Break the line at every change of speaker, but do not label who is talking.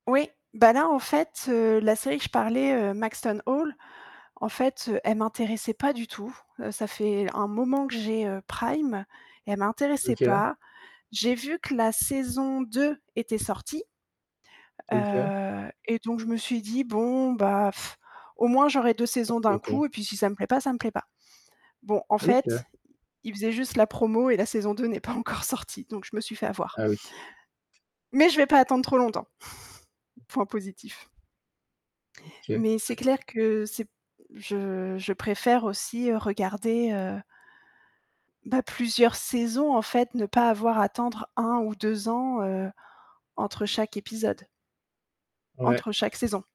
Oui, ben là, en fait, heu, la série que je parlais, heu, Maxton Hall, en fait, heu, elle m'intéressait pas du tout. Heu, ça fait un moment que j'ai, heu, Prime, et elle m'intéressait
OK.
pas. J'ai vu que la saison 2 était sortie,
OK.
heu, et donc je me suis dit: «Bon, bah au moins j'aurais 2 saisons d'un
Pourquoi pas?
coup et puis si ça me plaît pas, ça me plaît pas». Bon, en
OK.
fait, ils faisaient juste la promo et la saison 2 n'est pas encore sortie, donc je me suis fait avoir.
Ah oui.
Mais je vais pas attendre trop longtemps. Point positif.
OK.
Mais c'est clair que c'est je je préfère aussi, heu, regarder, heu bah, plusieurs saisons en fait, ne pas avoir à attendre 1 ou 2 ans, heu, entre chaque épisode
Ouais.
entre chaque saison.